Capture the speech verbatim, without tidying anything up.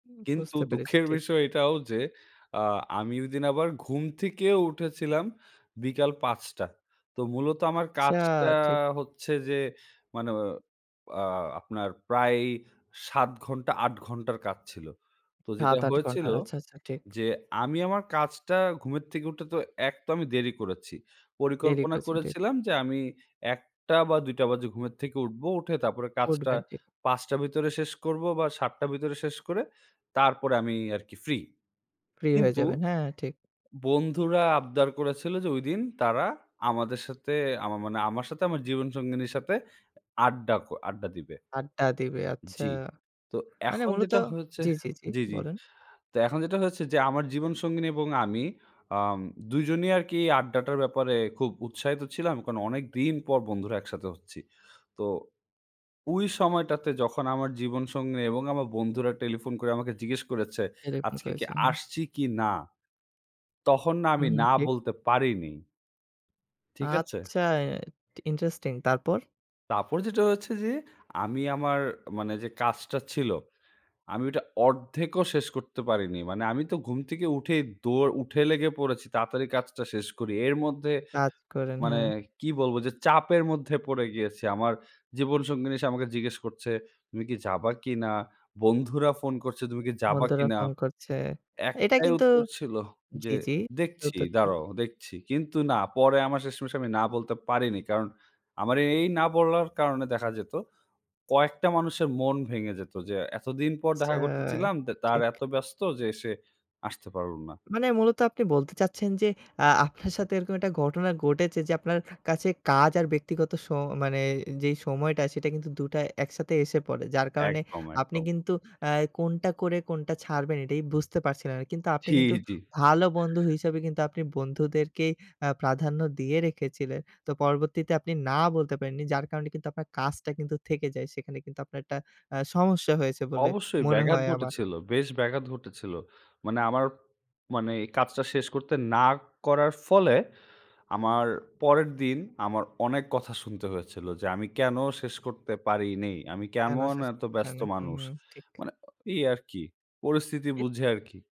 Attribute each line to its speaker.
Speaker 1: উম
Speaker 2: কিন্তু
Speaker 1: বুঝতে পেরেছি
Speaker 2: দুঃখের
Speaker 1: ঠিক।
Speaker 2: বিষয় এটাও যে আ আমি ঐদিন আবার ঘুম থেকেও উঠেছিলাম বিকাল পাঁচটা তো মূলত আমার
Speaker 1: আচ্ছা,
Speaker 2: কাজটা
Speaker 1: ঠিক।
Speaker 2: হচ্ছে যে মানে আ আপনার প্রায় সাত ঘন্টা আট ঘণ্টার কাজ ছিল। তো যেটা
Speaker 1: সাত-আট
Speaker 2: হয়েছিল,
Speaker 1: ঘন্টার, আচ্ছা, আচ্ছা ঠিক।
Speaker 2: যে আমি আমার কাজটা ঘুমের থেকে উঠে তো এক তো আমি দেরি করেছি।
Speaker 1: দেরি
Speaker 2: পরিকল্পনা
Speaker 1: করেছেন ঠিক।
Speaker 2: করেছিলাম যে আমি একটা বা দুইটা বাজে ঘুমের থেকে উঠবো। উঠে তারপরে কাজটা
Speaker 1: করবেন, জি।
Speaker 2: পাঁচটা র ভেতরে শেষ করব বা সাতটা র ভেতরে শেষ করে তারপরে আমি আরকি ফ্রি।
Speaker 1: ফ্রি হয়ে
Speaker 2: কিন্তু
Speaker 1: যাবেন। হ্যাঁ, হ্যাঁ ঠিক।
Speaker 2: বন্ধুরা আবদার করেছিল, যে ঐদিন তারা আমাদের সাথে আমা মানে আমার সাথে আমার জীবন সঙ্গিনীর সাথে আড্ডা ক আড্ডা দিবে।
Speaker 1: আড্ডা দিবে আচ্ছা।
Speaker 2: জি। তো
Speaker 1: মানে
Speaker 2: এখন
Speaker 1: মূলত
Speaker 2: যেটা হয়েছে
Speaker 1: জি, জি, জি
Speaker 2: জি, জি।
Speaker 1: বলুন।
Speaker 2: তো এখন যেটা হয়েছে যে আমার জীবন সঙ্গিনী এবং আমি আম দুজনই আরকি আড্ডাটার ব্যাপারে খুব উৎসাহিত ছিলাম। কারণ অনেকদিন পর বন্ধুরা একসাথে হচ্ছি। তো ঐ সময়টাতে যখন আমার জীবনসঙ্গিনী এবং আমার বন্ধুরা টেলিফোন করে আমাকে জিজ্ঞেস করেছে,
Speaker 1: টেলিফোন
Speaker 2: "আজকে কি
Speaker 1: করেছে, হু।
Speaker 2: আসছি কি না?" তখন না
Speaker 1: হু,
Speaker 2: আমি
Speaker 1: হু
Speaker 2: 'না'
Speaker 1: ঠিক।
Speaker 2: বলতে পারিনি। ঠিক আছে?
Speaker 1: আচ্ছা, এ ইন্টারেস্টিং! তারপর?
Speaker 2: তারপর যেটা হয়েছে, যে আমি আমার মানে যে কাজটা ছিল, আমি ওটা অর্ধেক ও শেষ করতে পারিনি। মানে আমি তো ঘুম থেকে উঠেই দৌড় উঠে লেগে পড়েছি, তাড়াতাড়ি কাজটা শেষ করি। এর মধ্যে
Speaker 1: কাজ করেন,
Speaker 2: মানে
Speaker 1: হ্যাঁ।
Speaker 2: কি বলবো যে চাপের মধ্যে পড়ে গিয়েছি। আমার জীবনসঙ্গিনী এসে আমাকে জিজ্ঞেস করছে, "তুমি কি যাবা কিনা?" বন্ধুরা ফোন করছে, "তুমি কি যাবা
Speaker 1: বন্ধুরা
Speaker 2: কিনা?"
Speaker 1: ফোন করছে। এটা
Speaker 2: একটাই
Speaker 1: কিন্তু
Speaker 2: উত্তর ছিল যে,
Speaker 1: জি, জি।
Speaker 2: "দেখছি
Speaker 1: উত্তর ছিল।
Speaker 2: দাঁড়াও দেখছি।" কিন্তু না, পরে আমার শেষমেশ আমি না বলতে পারিনি। কারণ আমার এ এই না বলার কারণে দেখা যেত কয়েকটা মানুষের মন ভেঙে যেত যে, "এতদিন পর
Speaker 1: আচ্ছা,
Speaker 2: দেখা করতে চিলাম দে তার
Speaker 1: ঠিক।
Speaker 2: এত ব্যস্ত যে এসে আসতে পারলোনা।"
Speaker 1: মানে মূলত আপনি বলতে চাচ্ছেন যে অ্যা আপনার সাথে এরকম একটা ঘটনা ঘটেছে, যে আপনার কাছে কাজ আর ব্যক্তিগত স মানে যেই সময়টা সেটা কিন্তু দুটা একসাথে এসে পড়ে। যার কারণে
Speaker 2: একদম,
Speaker 1: আপনি
Speaker 2: একদম।
Speaker 1: কিন্তু অ্যা কোনটা করে কোনটা ছাড়বেন এটাই বুঝতে পারছিলেন না। কিন্তু আপনি
Speaker 2: জি,
Speaker 1: কিন্তু
Speaker 2: জি।
Speaker 1: ভালো বন্ধু হিসেবে কিন্তু আপনি বন্ধুদেরকেই আ প্রাধান্য দিয়ে রেখেছিলে। তো পরবর্তীতে আপনি না বলতে পারেননি। যার কারণে কিন্তু আপনার কাজটা কিন্তু থেকে যায়। সেখানে কিন্তু আপনার একটা আ সমস্যা হয়েছে বলে
Speaker 2: অবশ্যই
Speaker 1: মনে
Speaker 2: ব্যাঘাত
Speaker 1: হয় আমার।
Speaker 2: ঘটেছিল। বেশ ব্যাঘাত ঘটেছিল। মানে আমার মানে কাজটা শেষ করতে না করার ফলে আমার পরের দিন আমার অনেক কথা শুনতে হয়েছিল। যে আমি কেনো শেষ করতে পারি নিই? আমি
Speaker 1: কেনো
Speaker 2: কেমন
Speaker 1: শেষ
Speaker 2: এত
Speaker 1: করতে পারে
Speaker 2: ব্যস্ত
Speaker 1: না? হুম,
Speaker 2: মানুষ?
Speaker 1: ঠিক।
Speaker 2: মানে অ ইয়ে আরকি পরিস্থিতি
Speaker 1: এ
Speaker 2: বুঝে আরকি।